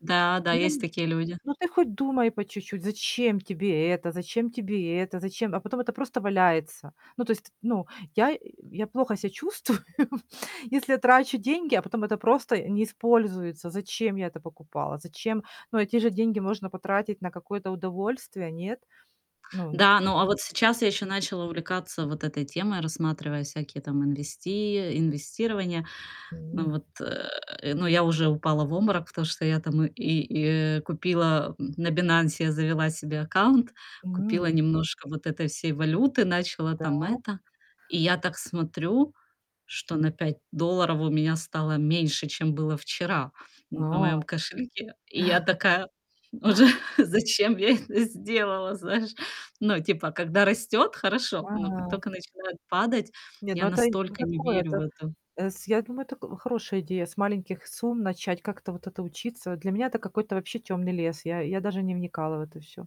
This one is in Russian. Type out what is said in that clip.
Да, да, есть [unintelligible] такие люди. Ну, ты хоть думай по чуть-чуть, зачем тебе это, зачем тебе это, зачем а потом это просто валяется. Ну, то есть, ну, я я плохо ся чувствую, если я трачу деньги, а потом это просто не используется. Зачем я это покупала? Зачем? Ну, эти же деньги можно потратить на какое-то удовольствие, нет? Ну Да, ну, а вот сейчас я ещё начала увлекаться вот этой темой, рассматривая всякие там инвести э, инвестирования. М. Вот, э, но я уже упала в обморок, потому что я там и и купила, м, на "Бинансе", завела себе аккаунт, купила М. немножко вот этой всей валюты, начала там Да? это, и я так смотрю, что на 5 долларов у меня стало меньше, чем было вчера на А. моём кошельке. И я такая уже:" Зачем я это сделала?" Знаешь? Ну, типа, когда растёт- хорошо, но как Ага. только начинает падать, Не, ну, я это это настолько не такое. верю в Это, это. э, с я думаю, это хорошая идея с маленьких сумм начать как-то вот это учиться. Для меня это какой-то вообще темный лес. Я я даже не вникала в это всё.